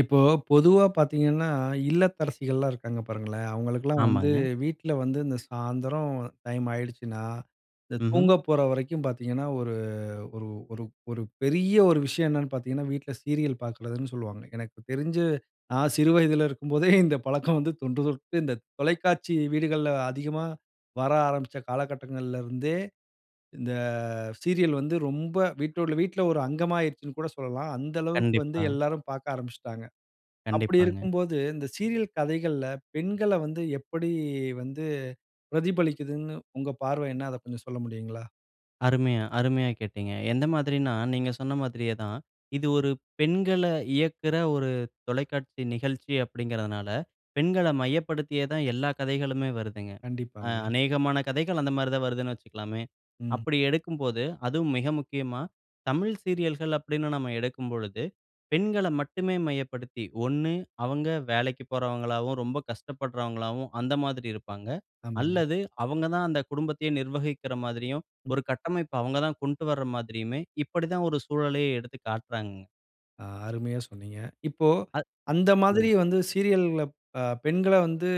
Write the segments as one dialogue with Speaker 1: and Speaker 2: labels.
Speaker 1: இப்போ பொதுவா பார்த்தீங்கன்னா, இல்லத்தரசிகள்லாம் இருக்காங்க, பாருங்களேன்! அவுங்களுக்கெல்லாம் வந்து
Speaker 2: ஆமாங்க.
Speaker 1: வீட்ல வந்து, இந்த சாயந்தரம் டைம் ஆகிடுச்சுனா, இந்த
Speaker 2: ம்ஹ்ம்.
Speaker 1: தூங்க போற வரைக்கும் பார்த்தீங்கன்னா, ஒரு ஒரு ஒரு ஒரு பெரிய ஒரு விஷயம் என்னென்னு பார்த்தீங்கன்னா, வீட்ல சீரியல் பாக்குறதுன்னு சொல்லுவாங்க. எனக்கு தெரிஞ்சு, நான் சிறு வயதுல இருக்கும்போதே, இந்த பழக்கம் வந்து தொன்று தொட்டு, இந்த தொலைக்காட்சி வீடுகள்ல அதிகமா வர ஆரம்பிச்ச காலகட்டங்கள்லருந்தே, இந்த சீரியல் வந்து ரொம்ப, வீட்டோட வீட்ல ஒரு அங்கமா ஆயிருச்சுன்னுகூட சொல்லலாம். அந்த அளவுக்கு வந்து,
Speaker 2: கண்டிப்பா.
Speaker 1: எல்லாரும் பாக்க ஆரம்பிச்சுட்டாங்க. அப்பிடி
Speaker 2: கண்டிப்பாங்க.
Speaker 1: இருக்கும்போது, இந்த சீரியல் கதைகள்ல பெண்கள வந்து எப்படி வந்து பிரதிபலிக்குதுன்னு, உங்க பார்வை என்ன? அத கொஞ்சம் சொல்ல முடியுங்களா?
Speaker 2: அருமையா, அருமையா கேட்டீங்க. எந்த மாதிரினா, நீங்க சொன்ன மாதிரியே தான். இது ஒரு பெண்கள இயக்கிற ஒரு தொலைக்காட்சி நிகழ்ச்சி, அப்பிடீங்கிறதுனால, பெண்கள மையப்படுத்தியே தான், எல்லா கதைகளுமே வருதுங்க. அ
Speaker 1: கண்டிப்பாங்க.
Speaker 2: அநேகமான கதைகள் அந்தமாரி தான் வருதுன்னு வச்சுக்கலாமே!
Speaker 1: ம்.
Speaker 2: அப்பிடி எடுக்கும்போது, அதுவும் மிக முக்கியமா, தமிழ் சீரியல்கள் அப்பிடீன்னு நம்ம எடுக்கும்பொழுது, பெண்கள மட்டுமே மையப்படுத்தி, ஒண்ணு அவுங்க வேலைக்கு போறவங்களாவும், ரொம்ப கஷ்டப்படுறவங்களாவும், அந்த மாதிரி இருப்பாங்க
Speaker 1: ஆமாங்க.
Speaker 2: அல்லது அவுங்க தான் அந்த குடும்பத்தையே நிர்வகிக்கிற மாதிரியும்,
Speaker 1: ம்.
Speaker 2: ஒரு கட்டமைப்பு அவுங்க தான் கொண்ட்டு வர மாதிரியுமே! இப்பிடிதான் ஒரு சூழலையே எடுத்து காட்டுறாங்கங்க.
Speaker 1: ஆ, அருமையா சொன்னீங்க. இப்போ,
Speaker 2: அ.
Speaker 1: அந்த மாதிரி
Speaker 2: சொல்லுங்க.
Speaker 1: வந்து சீரியல்‌கள்ல அ, பெண்கள வந்து,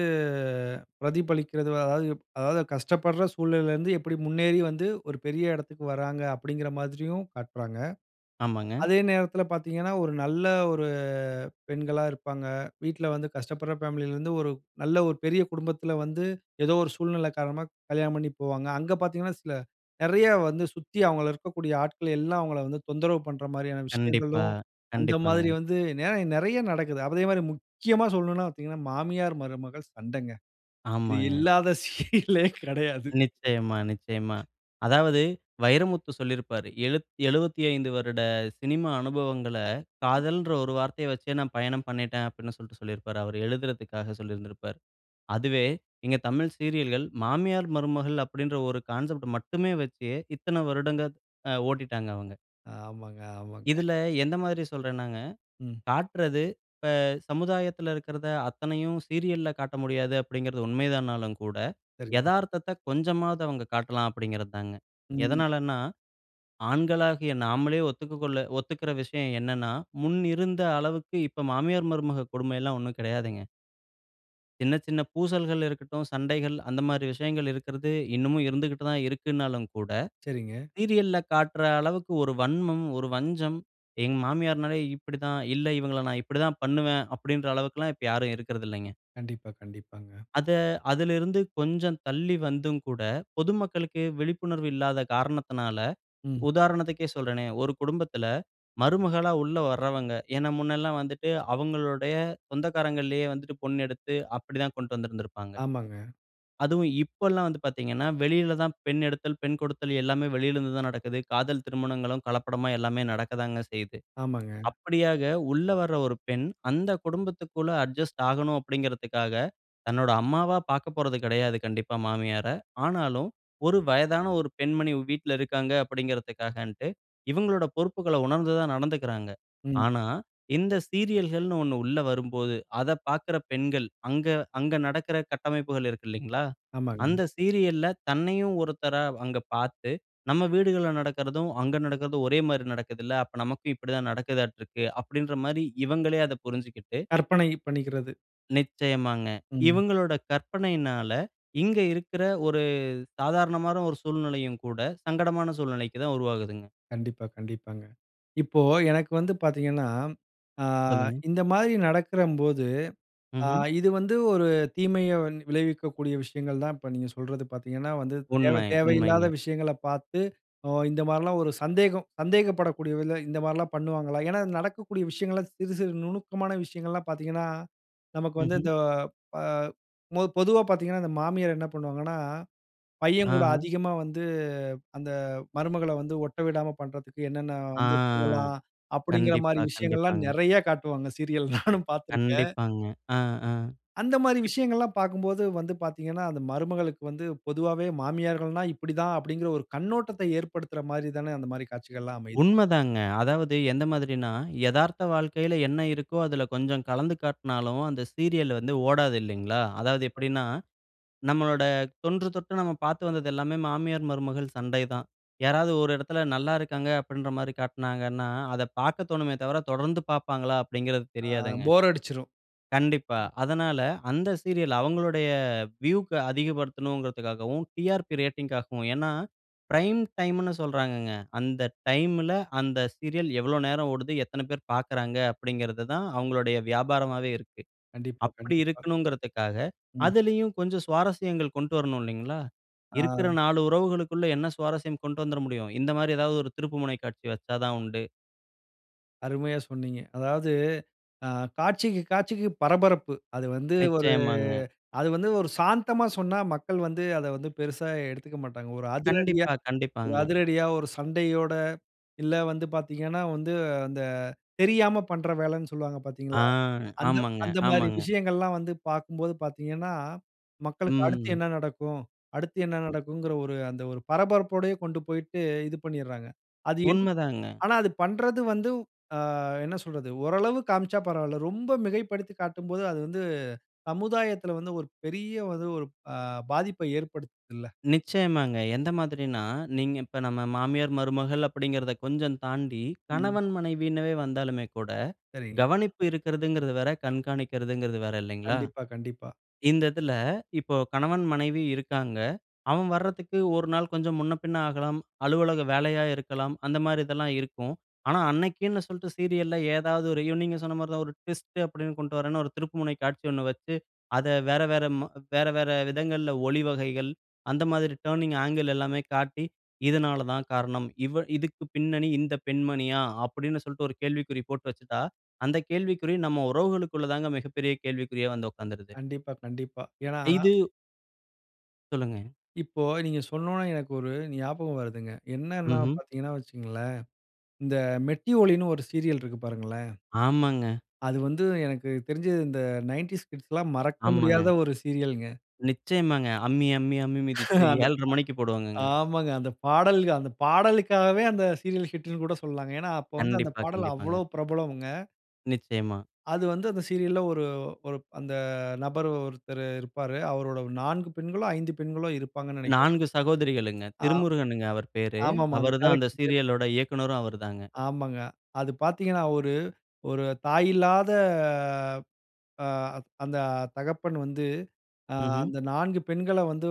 Speaker 1: பிரதிபலிக்கிறது அதாவது அதாவது கஷ்டப்படுற சூழ்நிலைல இருந்து எப்படி முன்னேறி வந்து, ஒரு பெரிய எடத்துக்கு வராங்க அப்படீங்கிற மாதிரியும், காட்டுறாங்க.
Speaker 2: ஆமாங்க.
Speaker 1: அதே நேரத்துல பார்த்தீங்கன்னா, ஒரு நல்ல ஒரு பெண்களா இருப்பாங்க. வீட்ல வந்து கஷ்டப்படுற ஃபேமிலில இருந்து ஒரு நல்ல ஒரு பெரிய குடும்பத்துல வந்து, ஏதோ ஒரு சூழ்நிலை காரணமா, கல்யாணம் பண்ணிப் போவாங்க. அங்க பார்த்தீங்கன்னா, சில நிறைய வந்து சுத்தி அவங்கள இருக்கக்கூடிய ஆட்கள் எல்லாம் அவங்கள வந்து தொந்தரவு பண்ற மாரியான
Speaker 2: கண்டிப்பா
Speaker 1: விஷயங்களும், அந்த மாரி
Speaker 2: கண்டிப்பாங்க.
Speaker 1: வந்து நிறைய நிறைய நடக்குது. அதே மாரி, முக்கியமா சொல்லணும்னா பார்த்தீங்கன்னா, மாமியார், மருமகள் சண்டங்க. இது
Speaker 2: ஆமாங்க.
Speaker 1: இல்லாத சீரியலே கிடையாது.
Speaker 2: நிச்சயமா நிச்சயமா. அதாவது, வைரமுத்து சொல்லிருப்பாரு எழுத், "75 வருட சினிமா அனுபவங்கள, காதல்ன்ற ஒரு வார்த்தைய வச்சே நான் பயணம் பண்ணிட்டேன்" அப்படின்னு சொல்லிட்டு சொல்லிருப்பாரு. அவரு எழுதுறதுக்காக சொல்லிருந்துருப்பாரு. அதுவே இங்க தமிழ் சீரியல்கள், மாமியார், மருமகள் அப்படீன்ற ஒரு கான்செப்ட் மட்டுமே வச்சு, இத்தன வருடங்க த், அ, ஓட்டிட்டாங்க அவங்க.
Speaker 1: ஆமாங்க ஆமாங்க.
Speaker 2: இதுல எந்த மாதிரி சொல்றேன்னாங்க,
Speaker 1: ம்.
Speaker 2: காட்றது இப்ப சமுதாயத்துல இருக்கிறத அத்தனையும் சீரியல்ல காட்ட முடியாது, அப்படிங்கிறது உண்மைதானாலும் கூட,
Speaker 1: [unintelligible]
Speaker 2: எதார்த்தத்த கொஞ்சமாவது அவங்க காட்டலாம் அப்படிங்கிறதுதாங்க.
Speaker 1: ம்.
Speaker 2: எதனாலன்னா, ஆண்களாகிய நாமளே ஒத்துக்க கொள்ள ஒத்துக்கிற விஷயம் என்னென்னா, முன்னிருந்த அளவுக்கு இப்ப மாமியார், மருமக கொடுமைல்லாம் ஒண்ணும் கிடையாதுங்க. சின்ன, சின்ன பூசல்கள் இருக்கட்டும். சண்டைகள் அந்தமாரி விஷயங்கள் இருக்கிறது இன்னமும் இருந்துகிட்டு தான் இருக்குன்னாலும் கூட,
Speaker 1: சரிங்க.
Speaker 2: சீரியல்‌ல காட்ற அளவுக்கு ஒரு வன்மம், ஒரு வஞ்சம். எங்க மாமியார்னாலே இப்பிடித்தான். இல்ல இவங்கள நான் இப்பிடித்தான் பண்ணுவேன், அப்பிடின்ற அளவுக்குல்லாம் இப்ப யாரும் இருக்கறதுல்லேங்க.
Speaker 1: கண்டிப்பா, கண்டிப்பாங்க.
Speaker 2: அத, அதிலருந்து கொஞ்சம் தள்ளி வந்தும் கூட, பொதுமக்களுக்கு விழிப்புணர்வு இல்லாத காரணத்தினால
Speaker 1: ம்.
Speaker 2: உதாரணத்துக்கே சொல்றேனே! ஒரு குடும்பத்தில மருமகளா உள்ள வர்றவங்க ஏன்னா, முன்னல்லாம் வந்துட்டு, அவுங்களுடைய சொந்தக்காரங்கள்லயே வந்துட்டு பொண் எடுத்து அப்பிடி தான் கொண்டுட்டு வந்திருந்திருப்பாங்க.
Speaker 1: ஆமாங்க.
Speaker 2: அதுவும் இப்பல்லாம் வந்து பார்த்தீங்கன்னா, வெளியில தான் பெண் எடுத்தல், பெண் கொடுத்தல் எல்லாமே வெளில இருந்து தான் நடக்குது. காதல் திருமணங்களும் கலப்படமா எல்லாமே நடக்க தாங்க செய்யுது.
Speaker 1: ஆமாங்க.
Speaker 2: அப்பிடியாக உள்ள வர ஒரு பெண் அந்த குடும்பத்துக்குள்ள அட்ஜஸ்ட் ஆகணும் அப்பிடிங்கறதுக்காக, தன்னோட அம்மாவா பார்க்கப்போறது கிடையாது கண்டிப்பா மாமியார. ஆனாலும் ஒரு வயதான ஒரு பெண்மணி வீட்ல இருக்காங்க, அப்பிடின்றதக்காகன்ட்டு இவுங்களோட பொறுப்புகள உணர்ந்து தான் நடந்துகிறாங்க.
Speaker 1: ம்.
Speaker 2: ஆனா, இந்த சீரியல்கள்னு 1 உள்ள வரும்போது அத பார்க்குற பெண்கள் அங்க அங்க நடக்கிற கட்டமைப்புகள் இருக்கு இல்லேங்களா!
Speaker 1: ஆமாங்க.
Speaker 2: அந்த சீரியல்‌ல தன்னையும் ஒருத்தரா அங்க பார்த்து, "நம்ம வீடுகள்ல நடக்கிறதும், அங்கு நடக்கறதும் ஒரே மாரி நடக்குதுல. அப்ப நமக்கும் இப்பிடி தான் நடக்குதாட்டுருக்கு". அப்பிடின்றமாரி இவங்களே அத புரிஞ்சிக்கிட்டு
Speaker 1: கற்பனை பண்ணிக்கிறது.
Speaker 2: நிச்சயமாங்க.
Speaker 1: ம்.
Speaker 2: இவுங்களோட கற்பனையினால, இங்க இருக்குற ஒரு சாதாரணமான ஒரு சூழ்நிலையும் கூட சங்கடமான சூழ்நிலைக்கு தான் உருவாகுதுங்க.
Speaker 1: கண்டிப்பா. கண்டிப்பாங்க. இப்போ, எனக்கு வந்து பார்த்தீங்கன்னா, ஆ
Speaker 2: சொல்லுங்க.
Speaker 1: இந்த மாதிரி நடக்கும்போது, அ
Speaker 2: ம்ஹ்ம்.
Speaker 1: இது வந்து ஒரு தீமைய விளைவிக்கக்கூடிய விஷயங்கள் தான். இப்ப நீங்க சொல்றது பார்த்தீங்கன்னா, வந்து தேவை
Speaker 2: உண்மை. உண்மைங்க.
Speaker 1: தேவையில்லாத விஷயங்கள பார்த்து, அ இந்த மாரில்லாம், ஒரு சந்தேகம் சந்தேகப்படக்கூடிய விதத்துல இந்தமாரிலாம் பண்ணுவாங்களா? ஏன்னா, நடக்கக்கூடிய விஷயங்கள்லாம் சிறு, சிறு நுணுக்கமான விஷயங்கள்லாம் பார்த்தீங்கன்னா நமக்கு வந்து
Speaker 2: ம்ஹ்ம்.
Speaker 1: இந்த அ பொ பொதுவா பார்த்தீங்கன்னா, இந்த மாமியார் என்ன பண்ணுவாங்கன்னா, பையன் கூட
Speaker 2: ஆஹா!
Speaker 1: அதிகமா வந்து, அந்த மருமகள வந்து ஒட்ட விடாம பண்றதுக்கு என்னென்ன
Speaker 2: ஆ,
Speaker 1: வந்து பண்ணலாம்,
Speaker 2: கண்டிப்பா.
Speaker 1: அப்பிடீங்கிறமாரி விஷயங்கள்லாம்
Speaker 2: கண்டிப்பாங்க.
Speaker 1: நெறைய காட்டுவாங்க. சீரியல் நானும் பார்த்திருக்கேன்.
Speaker 2: கண்டிப்பாங்க. அ, அ,
Speaker 1: அந்தமாரி
Speaker 2: ப்
Speaker 1: விஷயங்கள்லாம் பார்க்கும்போது வந்து பார்த்தீங்கன்னா, அந்த மருமகளுக்கு வந்து, பொதுவாவே மாமியார்கள்னா இப்பிடி தான், அப்பிடீங்கிற ஒரு கண்ணோட்டத்த ஏற்படுத்துறமாரி தானே அந்தமாரி காட்சிகள்லாம் அமையுது.
Speaker 2: உண்மதாங்க. அதாவது எந்த மாதிரின்னா, எதார்த்த வாழ்க்கையில என்ன இருக்கோ, அதுல கொஞ்சம் கலந்து காட்னாலும், அந்த சீரியலு வந்து ஓடாது இல்லீங்களா. அதாவது
Speaker 1: [unintelligible]
Speaker 2: எப்பிடின்னா நம்மளோட தொன்றுதொட்டு, நம்ம பார்த்து வந்தது எல்லாமே மாமியார், மருமகள் சண்டை தான். யாராவது ஒரு இடத்தில நல்ல இருக்காங்க அப்பிடின்றமாரி காட்டினாங்கன்னா, அத பார்க்க தோணுமே தவிர, தொடர்ந்து பார்ப்பாங்களா? அப்பிடிங்கிறது
Speaker 1: ஆ,
Speaker 2: தெரியாதுங்க.
Speaker 1: போர் அடிச்சிரும்.
Speaker 2: கண்டிப்பா. அதனால அந்த சீரியல், அவுங்களுடைய வியூக்கு அதிகப்படுத்தணும்கிறதுக்காகவும், டிஆர்பி ரேட்டிங்‌க்காகவும் ஏன்னா, பிரைம் டைம்னு சொல்றாங்கங்க. அந்த டைம்ல, அந்த சீரியல் எவ்வளோ நேரம் ஓடுது, எத்தன பேர் பார்க்கிறாங்க, அப்பிடிங்கிறது தான், அவுங்களுடைய வியாபாரமாவே இருக்கு.
Speaker 1: கண்டிப்பா,
Speaker 2: அப்பிடி
Speaker 1: கண்டிப்பா.
Speaker 2: இருக்கணும்ங்கிறதுக்காக,
Speaker 1: ம்.
Speaker 2: அதிலேயும் கொஞ்சம் சுவாரஸ்யங்கள் கொண்டு வரணும் இல்லேங்களா.
Speaker 1: ஆ.
Speaker 2: இருக்குற நாலு உறவுகளுக்குள்ள என்ன சுவாரஸ்யம் கொண்டு வந்துற முடியும்? இந்தமாரி, ஏதாவது ஒரு திருப்புமுனை காட்சி வைச்சா தான் உண்டு.
Speaker 1: அருமையா சொன்னீங்க. அதாவது அ காட்சிக்கு காட்சிக்கு பரபரப்பு. அது வந்து ஒரு
Speaker 2: நிச்சயமாங்க.
Speaker 1: அது வந்து ஒரு சாந்தமா சொன்னா மக்கள் வந்து அத வந்து பெருசா எடுத்துக்க மாட்டாங்க. ஒரு அதிரடியா
Speaker 2: கண்டிப்பா,
Speaker 1: ஒரு
Speaker 2: கண்டிப்பாங்க.
Speaker 1: அதிரடியா ஒரு சண்டையோட, இல்ல வந்து பாத்தீங்கன்னா வந்து அந்த தெரியாம பண்ற வேலைன்னு சொல்லுவாங்க
Speaker 2: ஆ,
Speaker 1: பாத்தீங்களா? அந்த
Speaker 2: ஆமாங்க,
Speaker 1: அந்தமாரி
Speaker 2: ஆமாங்க.
Speaker 1: விஷயங்கள்லாம் வந்து பார்க்கும்போது பாத்தீங்கன்னா, மக்களுக்கு அடுத்து
Speaker 2: ம்.
Speaker 1: என்ன நடக்கும் அடுத்து என்ன நடக்குங்கிற ஒரு அந்த ஒரு பரபரப்போடயே கொண்டு போயிட்டு இது பண்ணிர்றாங்க. அது என்
Speaker 2: உண்மதாங்க.
Speaker 1: ஆனா அது பண்றது வந்து அ என்ன சொல்றது ஓரளவு காமிச்சா பரவால்ல. ரொம்ப மிகைப்படுத்திக் காட்டும்போது, அது வந்து சமுதாயத்துல வந்து ஒரு பெரிய ஒரு அ பாதிப்பை ஏற்படுத்துதுல்ல.
Speaker 2: நிச்சயமாங்க. எந்த மாதிரின்னா, நீங்க இப்ப நம்ம மாமியார் மருமகள் அப்பிடீங்கறத கொஞ்சம் தாண்டி,
Speaker 1: ம்.
Speaker 2: கணவன், மனைவின்னுவே வந்தாலுமே கூட,
Speaker 1: சரிங்க.
Speaker 2: கவனிப்பு இருக்கிறதுங்கிறது வேற, கண்காணிக்கிறதுங்கிறது வேற, இல்லைங்களா!
Speaker 1: கண்டிப்பா, கண்டிப்பா.
Speaker 2: இந்த இதில இப்போ கணவன் மனைவி இருக்காங்க, அவன் வர்றதுக்கு 1 நாள் கொஞ்சம் முன்ன பின்ன ஆகலாம், அலுவலக வேலையா இருக்கலாம், அந்தமாரி இதெல்லாம் இருக்கும். ஆனா, அன்னக்கின்னு சொல்ட்டு சீரியல்‌ல ஏதாவது ஒரு நீங்க சொன்னமாரிதான் ஒரு ட்விஸ்ட் அப்பிடீன்னு கொண்டுட்டு வரேன்னு ஒரு திருப்புமுனை காட்சி ஒண்ணு வச்சு, அத வேற வேற, ம் வேற, வேற விதங்கள்ல ஒளி வகைகள், அந்த மாதிரி டர்னிங் ஆங்கிள் எல்லாமே காட்டி, இதனால தான் காரணம். இவ இதுக்கு பின்னணி இந்த பெண்மணியா? அப்பிடீன்னு சொல்லிட்டு ஒரு கேள்விக்குறி போட்டு வச்சிட்டா, அந்த கேள்விக்குறி நம்ம உறவுகளுக்குள்ளதாங்க மிகப்பெரிய கேள்விக்குறியா வந்து உக்காந்துருது.
Speaker 1: கண்டிப்பா, கண்டிப்பா. ஏன்னா
Speaker 2: இது சொல்லுங்க.
Speaker 1: இப்போ நீங்க சொன்னோனே எனக்கு ஒரு ஞாபகம் வருதுங்க. என்னன்னா
Speaker 2: ம்ஹ்ம்.
Speaker 1: பார்த்தீங்கன்னா வச்சுக்கங்களேன். இந்த மெட்டி ஒலின்னு ஒரு சீரியல் இருக்கு பாருங்களேன்!
Speaker 2: ஆமாங்க.
Speaker 1: அது வந்து எனக்கு தெரிஞ்சு இந்த 90s கிட்ஸ்ல்லாம் மறக்க
Speaker 2: ஆமாங்க.
Speaker 1: முடியாத ஒரு சீரியல்ங்க.
Speaker 2: நிச்சயமாங்க. அம்மி, அம்மி, அம்மி மிதிச்சி
Speaker 1: அந்த ப
Speaker 2: 7:30 மணிக்கு போடுவாங்கங்க.
Speaker 1: ஆமாங்க. அந்த பாடல்க பாடலுக்காகவே, அந்த சீரியல் ஹிட்ன்னு கூட சொல்லலாங்க. ஏன்னா, அப்ப வந்து அந்த
Speaker 2: கண்டிப்பா,
Speaker 1: பாடல்
Speaker 2: கண்டிப்பாங்க.
Speaker 1: அவ்ளோ பிரபலம்ங்க.
Speaker 2: நிச்சயமா.
Speaker 1: அது வந்து, அந்த சீரியல்‌ல ஒரு, ஒரு அந்த நபர் ஒருத்தரு இருப்பாரு. அவரோட 4 பெண்களோ! 5 பெண்களோ இருப்பாங்கனு நினைக்கிறேன்.
Speaker 2: 4 சகோதரிகளுங்க.
Speaker 1: ஆ.
Speaker 2: திருமுருகனுங்க அவரு பேரு.
Speaker 1: ஆமா, ஆமா. அது
Speaker 2: அவரு தான் அந்த
Speaker 1: டைரக்ட்ரு [unintelligible]
Speaker 2: சீரியலோட இயக்குனரும் அவரு தாங்க.
Speaker 1: ஆமாங்க. அது பார்த்தீங்கன்னா ஒரு, ஒரு தாய் இல்லாத அ அந்த தகப்பன் வந்து ஆ
Speaker 2: ம்ஹ்ம்.
Speaker 1: அந்த 4 பெண்கள வந்து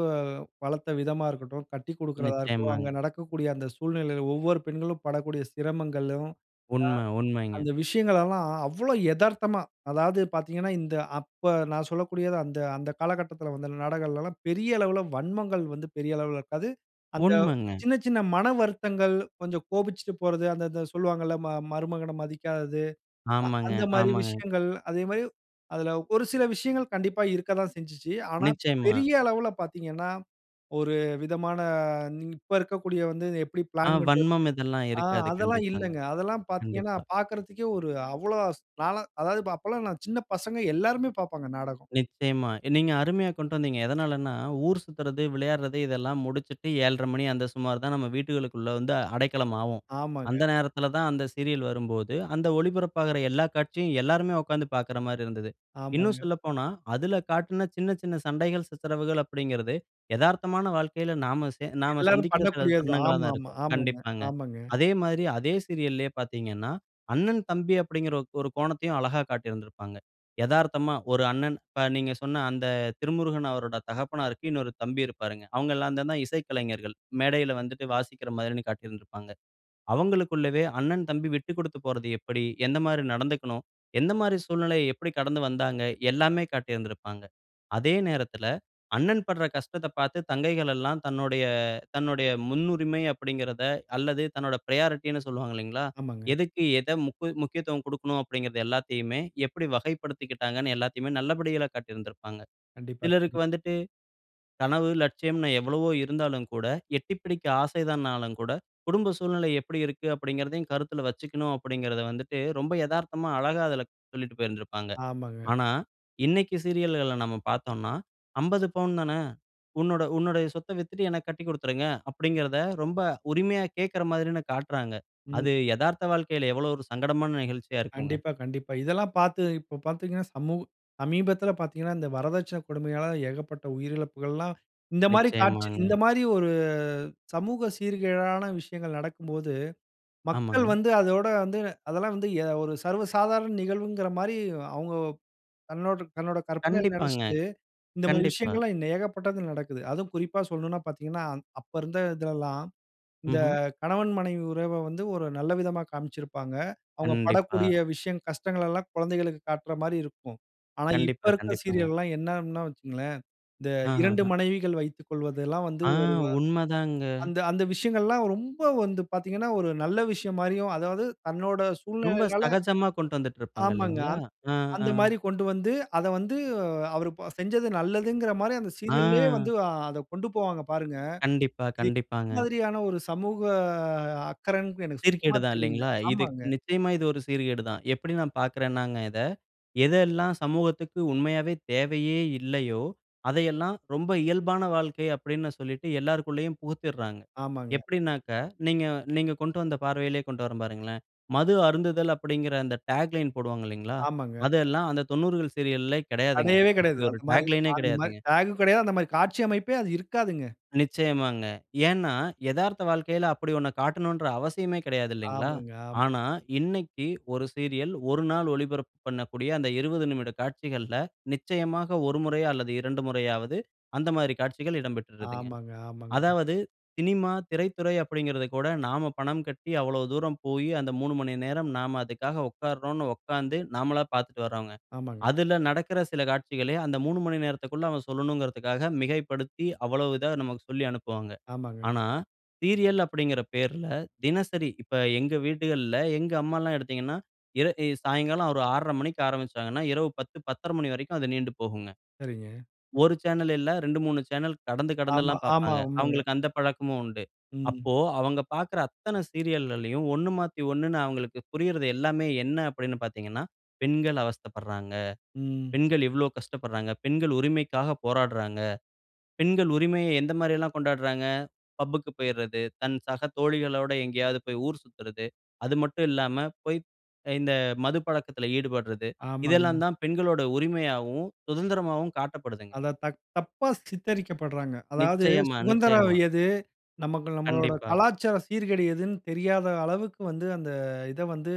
Speaker 1: வளர்த்த விதமா இருக்கட்டும். கட்டிக்குடுக்கறதா இருக்கட்டும். அங்க
Speaker 2: நிச்சயமாங்க.
Speaker 1: நடக்கக்கூடிய அந்த சூழ்நிலையில ஒவ்வொரு பெண்களும் படக்கூடிய சிரமங்களும். அ.
Speaker 2: உண்ம. உண்மைங்க.
Speaker 1: அந்த விஷயங்கள் எல்லாம் அவ்ளோ எதார்த்தமா, அதாவது பார்த்தீங்கன்னா இந்த அப்ப நான் சொல்லக்கூடியது அந்த, அந்த காலகட்டத்தில வந்த நாடகங்கள்லாம் பெரிய அளவுல வன்மங்கள் வந்து, பெரிய அளவுல இருக்காது. அந்த
Speaker 2: உண்மங்க.
Speaker 1: சின்ன, சின்ன மன வருத்தங்கள் கொஞ்சம் கோபிச்சிட்டு போறது. அந்த, அந்த சொல்வாங்கல்ல, ம மருமகன மதிக்காதது. அ
Speaker 2: ஆமாங்க,
Speaker 1: அந்தமாரி
Speaker 2: ஆமாங்க.
Speaker 1: விஷயங்கள் அதேமாரி அதில ஒரு சில விஷயங்கள் கண்டிப்பா இருக்கதான் செஞ்சிச்சு. ஆனா,
Speaker 2: நிச்சயமா.
Speaker 1: பெரிய அளவுல பார்த்தீங்கன்னா, ஒரு விதமான இன் இப்ப இருக்கக்கூடிய வந்து, எப்பிடி
Speaker 2: ஆ.
Speaker 1: பிளான் பண்றது
Speaker 2: வன்மம் இதெல்லாம்
Speaker 1: ஆ
Speaker 2: இருக்காது
Speaker 1: அதெல்லாம்
Speaker 2: கண்டிப்பாங்க.
Speaker 1: இல்லங்க. அதெல்லாம் பார்த்தீங்கன்னா
Speaker 2: கண்டிப்பா.
Speaker 1: பார்க்கிறதுக்கே ஒரு அவ்ளோ நான்லாம் அதாவது, அப்பல்லாம் நான் சின்ன பசங்க, எல்லாருமே பார்ப்பாங்க நாடகம்.
Speaker 2: நிச்சயமா. நீங்க அருமையா கொண்ட்டு வந்தீங்க. எதனாலன்னா, ஊர் சுத்துறது, விளையாட்றது இதெல்லாம் முடிச்சுட்டு 7:30 மணி அந்த சுமார் தான் நம்ம வீட்டுகளுக்குள்ள வந்து அடைக்கலம் ஆவோம். அந்த
Speaker 1: ஆமாங்க.
Speaker 2: நேரத்தில தான் அந்த சீரியல் வரும்போது அந்த ஒளிபரப்பாகுற எல்லா காட்சியும் எல்லாருமே உட்கார்ந்து பார்க்கறமாரி இருந்தது. இன்னும்
Speaker 1: ஆமாங்க.
Speaker 2: சொல்லப்போனா, அதில காட்ன சின்ன, சின்ன சண்டைகள் சித்தரவுகள் அப்பிடிங்கிறது எதார்த்தமான வாழ்க்கையில நாம சே நாம
Speaker 1: எல்லாரும்
Speaker 2: சந்திக்கிற சில
Speaker 1: பண்ணக்கூடியதுதான்.
Speaker 2: தருணங்களா
Speaker 1: ஆமா,
Speaker 2: தான்
Speaker 1: ஆமா.
Speaker 2: இருக்கும்.
Speaker 1: ஆமாங்க,
Speaker 2: கண்டிப்பாங்க.
Speaker 1: ஆமாங்க.
Speaker 2: அதே மாதிரி அதே சீரியல்‌லேயே பார்த்தீங்கன்னா, அண்ணன் தம்பி அப்பிடிங்கற ஒரு கோணத்தையும் அழகா காட்டியிருந்திருப்பாங்க. எதார்த்தமா ஒரு அண்ணன் இப்ப நீங்க சொன்ன அந்த திருமுருகன் அவரோட தகப்பனார்க்கு இன்னொரு தம்பி இருப்பாருங்க. அவுங்க எல்லாந்தான இசைக்கலைஞர்கள். மேடையில வந்துட்டு வாசிக்கிறமாரின்னு காட்டியிருந்திருப்பாங்க. அவுங்களுக்குள்ளவே அண்ணன், தம்பி விட்டு குடுத்து போறது எப்பிடி? எந்தமாரி நடந்துக்கணும்? எந்தமாரி சூழ்நிலை எப்பிடி கடந்து வந்தாங்க? எல்லாமே காட்டியிருந்திருப்பாங்க. அதே நேரத்தில அண்ணன் பட்ற கஷ்டத்த பார்த்து தங்கைகள் எல்லாம் தன்னுடைய, தன்னுடைய முன்னுரிமை அப்பிடிங்கிறத அல்லது தன்னோட பிரையாரிட்டினு சொல்வாங்க இல்லேங்களா!
Speaker 1: ஆமாங்க.
Speaker 2: எதுக்கு எத முக்க முக்கியத்துவம் குடுக்கனும் அப்பிடிங்கிறது எல்லாத்தையுமே எப்பிடி வகைப்படுத்திக்கிட்டாங்கன்னு எல்லாத்தையுமே நல்லபடிகளா காட்டியிருந்திருப்பாங்க.
Speaker 1: கண்டிப்பா
Speaker 2: சிலருக்கு
Speaker 1: [unintelligible]
Speaker 2: வந்துட்டு கனவு, லட்சியம்ன்னு எவ்வளவோ இருந்தாலும் கூட, எட்டி பிடிக்க ஆசைதான்னாலும் கூட குடும்ப சூழ்நிலை எப்பிடி இருக்கு? அப்பிடிங்கிறதையும் கருத்தில வச்சுக்கணும். அப்பிடிங்கிறத வந்துட்டு ரொம்ப எதார்த்தமா அழகா அதில சொல்லிட்டு போயிருந்திருப்பாங்க.
Speaker 1: ஆமாங்க.
Speaker 2: ஆனா, இன்னக்கி சீரியல்கள்ல நம்ம பார்த்தோன்னா, "50 பவுன் தானே! உன்னோட உன்னோடய சொத்த வித்துட்டு எனக்கு கட்டி குடுத்துருங்க" அப்பிடிங்கிறத ரொம்ப உரிமையா கேட்கிற மாதிரி தான காட்றாங்க. அது
Speaker 1: ம்.
Speaker 2: எதார்த்த வாழ்க்கையில எவ்ளோ ஒரு சங்கடமான நிகழ்ச்சியா இருக்குங்க.
Speaker 1: கண்டிப்பா, கண்டிப்பா. இதெல்லாம் பார்த்து இப்போ பார்த்தீங்கன்னா, சமூ சமீபத்தில பார்த்தீங்கன்னா, இந்த வரதட்சணை கொடுமையால ஏகப்பட்ட உயிரிழப்புகள்லாம் இந்தமாரி காட்சி
Speaker 2: நிச்சயமாங்க.
Speaker 1: இந்த மாரி ஒரு சமூக சீர்கேடான விஷயங்கள் நடக்கும்போது மக்கள்
Speaker 2: ஆமாங்க.
Speaker 1: வந்து அதோட வந்து அதெல்லாம் வந்து அ ஒரு சர்வ சாதாரண நிகழ்வுங்கிறமாரி அவுங்க தன்னோட, தன்னோட கற்பனையில
Speaker 2: கண்டிப்பாங்க.
Speaker 1: நினைச்சுட்டு இந்தமாரி
Speaker 2: கண்டிப்பா.
Speaker 1: விஷயங்கள்லாம் ஏகப்பட்டது நடக்குது. அதுவும் குறிப்பா சொல்லணுன்னா பார்த்தீங்கன்னா, அந் அப்ப இருந்த இதிலல்லாம், இந்த
Speaker 2: ம்ஹ்ம்.
Speaker 1: கணவன், மனைவி உறவ வந்து ஒரு நல்ல விதமா காமிச்சியிருப்பாங்க. அவுங்க
Speaker 2: கண்டிப்பா.
Speaker 1: படக்கூடிய விஷயம் கஷ்டங்கள் எல்லாம் குழந்தைகளுக்கு காட்றமாரி இருக்கும். ஆனா, இப்ப
Speaker 2: கண்டிப்பா,
Speaker 1: இருக்க
Speaker 2: கண்டிப்பாங்க.
Speaker 1: சீரியல்லாம் என்ன, என்ன வச்சுக்கங்களேன்! இந்த
Speaker 2: அஹா!
Speaker 1: 2
Speaker 2: ஹ.
Speaker 1: மனைவிகள் வைத்துக்கொள்வதெல்லாம் வந்து
Speaker 2: ஆ,
Speaker 1: ஒரு
Speaker 2: உண்மதாங்க.
Speaker 1: வ அந்த, அந்த விஷயங்கள் எல்லாம் ரொம்ப வந்து பார்த்தீங்கன்னா, ஒரு நல்ல விஷயம் மாரியும் அதாவது தன்னோட
Speaker 2: ரொம்ப
Speaker 1: சூழ்நிலையினால
Speaker 2: சகஜமா கொண்டு வந்துட்டு இருப்பாங்க
Speaker 1: ஆமாங்க.
Speaker 2: இல்லைங்களா!
Speaker 1: அந்
Speaker 2: ஆ, ஆ.
Speaker 1: அந்தமாரி கொண்டு வந்து அத வந்து அ அவரு செஞ்சது நல்லதுங்கிறமாரி அந்த சீரியல்லே வந்து
Speaker 2: ஆ.
Speaker 1: ஆ அத கொண்டு போவாங்க பாருங்க!
Speaker 2: கண்டிப்பா,
Speaker 1: இது இந்த
Speaker 2: கண்டிப்பாங்க.
Speaker 1: மாதிரியான ஒரு சமூக அக்கறன்டு எனக்கு சுத்தமா
Speaker 2: சீர்கேடு தான்.
Speaker 1: தெரியல.
Speaker 2: இல்லேங்களா! இது
Speaker 1: ஆமாங்க.
Speaker 2: நிச்சயமா இது ஒரு சீர்கேடு தான். எப்பிடி நான் பார்க்குறேன்னாங்க இத, எதெல்லாம் சமூகத்துக்கு உண்மையாவே தேவையே இல்லையோ! அதையெல்லாம் ரொம்ப இயல்பான வாழ்க்கை அப்பிடின்னு சொல்லிட்டு எல்லாருக்குள்ளயும் புகுத்திட்றாங்க.
Speaker 1: ஆமாங்க.
Speaker 2: எப்பிடினாக்க, நீங்க நீங்க கொண்டு வந்த பார்வையிலே கொண்டு வரேன் பாருங்களேன்! மது அருந்துதல் அப்பிடிங்கிற அந்த டேக் லைன் போடுவாங்க.இல்லேங்களா!
Speaker 1: ஆமாங்க.
Speaker 2: அதெல்லாம் அந்த 90 கள் சீரியல்லே கிடையாதுங்க.
Speaker 1: கடையவே கிடையாது.
Speaker 2: அப்பிடி ஒரு
Speaker 1: அதுமாரி,
Speaker 2: டாக் லைனே
Speaker 1: அந்தமாரி
Speaker 2: கிடையாதுங்க.
Speaker 1: டேக்‌கும் கிடையாது. அந்தமாரி காட்சி அமைப்பே அது இருக்காதுங்க.
Speaker 2: நிச்சயமாங்க. ஏன்னா எதார்த்த வாழ்க்கையில அப்பிடி ஒன்ன காட்டணுன்ற அவசியமே கிடையாது இல்லைங்களா!
Speaker 1: ஆமாங்க. ஆமாங்க.
Speaker 2: ஆனா இன்னக்கி ஒரு சீரியல் ஒரு நாள் ஒளிபரப்பு பண்ணக்கூடிய அந்த 20 நிமிட காட்சிகள்ல, நிச்சயமாக ஒரு முறையோ அல்லது 2 முறையாவது அந்த மாரி காட்சிகள் இடம் பெற்றுறுதுங்க.
Speaker 1: ஆமாங்க. ஆமாங்க.
Speaker 2: அதாவது சினிமா திரைத்துறை அப்பிடிங்கிறது கூட நாம பணம் கட்டி அவ்ளோ தூரம் போயி, அந்த 3:00 மணி நேரம் நாம அதுக்காக உட்காருறோன்னு உக்கார்ந்து நாமளா பார்த்துட்டு வர்றோங்க.
Speaker 1: ஆமாங்க.
Speaker 2: அதில நடக்குற சில காட்சிகளே அந்த 3:00 மணி நேரத்துக்குள்ள அவன் சொல்லணுன்றதுக்காக மிகைப்படுத்தி அவ்ளோ இதா நமக்கு சொல்லி அனுப்புவாங்க.
Speaker 1: ஆமாங்க.
Speaker 2: ஆனா சீரியல் அப்பிடிங்கிற பேர்ல, தினசரி இப்ப எங்க வீடுகள்ல எங்க அம்மால்லாம் எடுத்தீங்கன்னா, எதா இ சாயுங்காலம் ஒரு ஆ 6:30 மணிக்கு ஆரம்பிச்சாங்கன்னா, இரவு 10:00, 10:30 மணி வரைக்கும் அது நீண்டு போகுங்க.
Speaker 1: சரிங்க.
Speaker 2: ஒரு சேனல் இல்ல 2, 3 சேனல் கடந்து
Speaker 1: ஆமா,
Speaker 2: கடந்தெல்லாம்
Speaker 1: ஆமா.
Speaker 2: பார்ப்பாங்க.
Speaker 1: உண்மங்க.
Speaker 2: அவுங்களுக்கு அந்த பழக்கமும் உண்டு.
Speaker 1: ம்.
Speaker 2: அப்போ அவுங்க பார்க்கற அத்தன சீரியல்கள்ளயும் 1 மாத்தி, 1 ன்னு அவுங்களுக்கு புரியிறது எல்லாமே என்ன அப்பிடின்னு பார்த்தீங்கன்னா, பெண்கள் அவஸ்தைப்பட்றாங்க.
Speaker 1: ம்.
Speaker 2: பெண்கள் இவ்ளோ கஷ்டப்பட்றாங்க. பெண்கள் உரிமைக்காக போராட்றாங்க. பெண்கள் உரிமையை எந்தமாரி எல்லாம் கொண்டாட்றாங்க. பப்‌புக்கு போயிறது, தன் சக தோழிகளோட எங்கேயாவது போயி ஊர் சுத்துறது, அது மட்டும் இல்லாம போயி அ இந்த மது பழக்கத்தில ஈடுபட்றது
Speaker 1: ஆமாங்க.
Speaker 2: இதெல்லாம் தான் பெண்களுடைய உரிமையாவும், சுதந்திரமாவும் காட்டப்படுதுங்க.
Speaker 1: அத தக் தப்பா சித்தரிக்கப்பட்றாங்க. அதாவது
Speaker 2: நிச்சயமா,
Speaker 1: சுதந்திரம்
Speaker 2: நிச்சயமா.
Speaker 1: எது? நமக்கு நம்மளோட
Speaker 2: கண்டிப்பா.
Speaker 1: கலாச்சாரம் சீர்கேடு எதுன்னு தெரியாத அளவுக்கு வந்து அந்த இத வந்து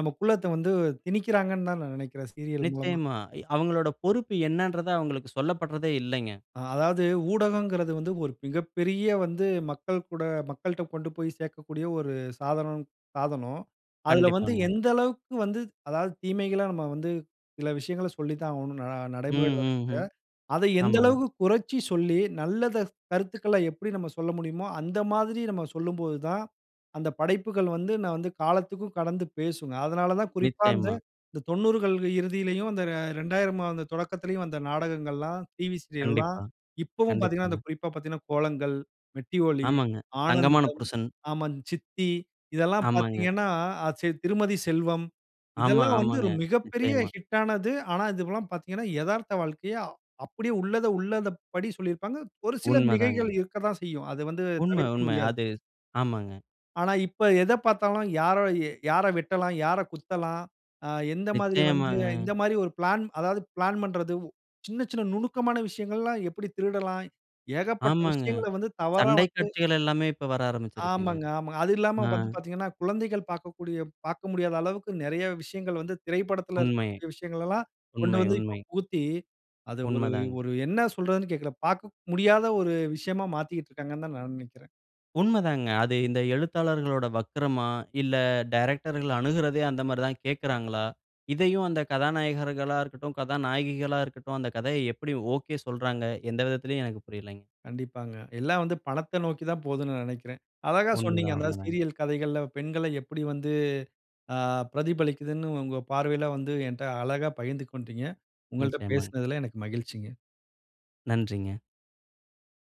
Speaker 1: நமக்குள்ள வந்து திணிக்கிறாங்கன்னு தான் நான் நினைக்கிறேன் சீரியல் மூலமா.
Speaker 2: நிச்சயமா அ அவுங்களோட பொறுப்பு என்னன்றத அவுங்களுக்கு சொல்லப்பட்றதே இல்லைங்க.
Speaker 1: ஆ. அதாவது ஊடகங்கிறது வந்து, ஒரு மிகப்பெரிய வந்து மக்கள்கூட மக்கள்ட்ட கொண்டு போயி சேர்க்கக்கூடிய ஒரு சாதனம், சாதனம். அதில வந்து
Speaker 2: கண்டிப்பாங்க.
Speaker 1: எந்த அளவுக்கு வந்து அதாவது தீமைகள, நம்ம வந்து சில விஷயங்கள சொல்லித்தான் ஆவணும். ந
Speaker 2: ம்,
Speaker 1: நடைமுறையில
Speaker 2: ம், ம்.
Speaker 1: [unintelligible] அத எந்த
Speaker 2: ஆமாங்க.
Speaker 1: அளவுக்கு குறைச்சி சொல்லி நல்லத கருத்துக்கள எப்பிடி நம்ம சொல்ல முடியுமோ! அந்த மாதிரி நம்ம சொல்லும்போது தான், அந்த படைப்புகள் வந்து நான் வந்து காலத்திக்கும் கடந்து பேசுங்க. அதனால தான் குறிப்பா இந்த
Speaker 2: நிச்சயமா.
Speaker 1: இந்த 90 கள் இறுதியிலயும் அந்த 2000 மா அந்த தொடக்கத்துலயும் வந்த நாடகங்கள்லாம் டிவி சீரியல்லாம்
Speaker 2: கண்டிப்பா.
Speaker 1: இப்பவும் பார்த்தீங்கன்னா, அந்த
Speaker 2: கண்டிப்பாங்க.
Speaker 1: குறிப்பா பார்த்தீங்கன்னா கோலங்கள், மெட்டி ஒலி,
Speaker 2: ஆமாங்க. தங்கமான
Speaker 1: ஆனந்தம்,
Speaker 2: புருஷன்.
Speaker 1: ஆமா. சித்தி இதெல்லாம்
Speaker 2: ஆமாங்க.
Speaker 1: பார்த்தீங்கன்னா, அ சரி, திருமதி செல்வம்
Speaker 2: ஆமா.
Speaker 1: இதெல்லாம் வந்து
Speaker 2: ஆமாங்க.
Speaker 1: ஒரு மிகப்பெரிய
Speaker 2: நிச்சயமா.
Speaker 1: ஹிட் ஆனது. ஆனா, இது எல்லாம் பார்த்தீங்கன்னா, எதார்த்த வாழ்க்கைய அப்பிடியே உள்ளத உள்ளத படி சொல்லியிருப்பாங்க. ஒரு சில
Speaker 2: உண்மதாங்க.
Speaker 1: மிகைகள் இருக்கத்தான் செய்யும். அது வந்து
Speaker 2: உண்ம,
Speaker 1: தவிர்க்க
Speaker 2: உண்ம.
Speaker 1: முடியாது.
Speaker 2: அது ஆமாங்க.
Speaker 1: ஆனா இப்ப எத பார்த்தாலும் யார, யார எ வெட்டலாம்? யார குத்தலாம்? ஆ எந்தமாதிரி வந்து
Speaker 2: நிச்சயமாங்க.
Speaker 1: இந்தமாரி ஒரு பிளான் அதாவது பிளான் பண்றது சின்ன, சின்ன நுணுக்கமான விஷயங்கள்லாம் எப்பிடி திருடலாம் ஏகப்பட்ட
Speaker 2: ஆமாங்க.
Speaker 1: விஷயங்கள வந்து தவறா
Speaker 2: சண்டை
Speaker 1: வந்து
Speaker 2: காட்சிகள் எல்லாமே இப்ப வர ஆரம்பிச்சிருச்சுங்க.
Speaker 1: ஆமாங்க, ஆமாங்க. அது இல்லாம
Speaker 2: ஆ.
Speaker 1: வந்து பார்த்தீங்கன்னா குழந்தைகள் பார்க்கக்கூடிய பார்க்க முடியாத அளவுக்கு நெறைய விஷயங்கள் வந்து திரைப்படத்தில
Speaker 2: உண்மை,
Speaker 1: இருக்கக்கூடிய விஷயங்கள் எல்லாம் கொண்டு
Speaker 2: உண்மை,
Speaker 1: வந்து இப்போ
Speaker 2: உண்மை.
Speaker 1: புகுத்தி, அது ஒரு,
Speaker 2: உண்மதாங்க.
Speaker 1: ஒரு என்ன சொல்றதுன்னு கேட்கல. பார்க்க முடியாத ஒரு விஷயமா மாத்திக்கிட்டு இருக்காங்கன்னு தான் நான் நினைக்கிறேன்.
Speaker 2: உண்ம தாங்க. அது இந்த எழுத்தாளர்களோட வக்கரமா! இல்ல டைரக்டர்‌கள் அணுகுறதே அந்தமாரி தான் கேட்குறாங்களா? இதையும் அந்த கதாநாயகர்களா இருக்கட்டும், கதாநாயகிகளா இருக்கட்டும் அந்த கதையை எப்பிடி ஒகே சொல்றாங்க. எந்த விதத்திலயும் எனக்கு புரிலேங்க.
Speaker 1: கண்டிப்பாங்க. எல்லாம் வந்து பணத்த நோக்கி தான் போதுனு நான் நினைக்கிறேன். அழகா சொன்னீங்க.
Speaker 2: உண்மதான்,
Speaker 1: அந்த
Speaker 2: உண்மைதாங்க.
Speaker 1: சீரியல் கதைகள்ல பெண்கள எப்பிடி வந்து ஆ பிரதிபலிக்கிதுன்னு உங்க பார்வையில வந்து என்ட்ட அழகா பகிர்ந்து கொண்டீங்க. உங்கள்ட்ட
Speaker 2: நிச்சயமாங்க.
Speaker 1: பேசினதுல எனக்கு மகிழ்ச்சிங்க.
Speaker 2: நன்றிங்க.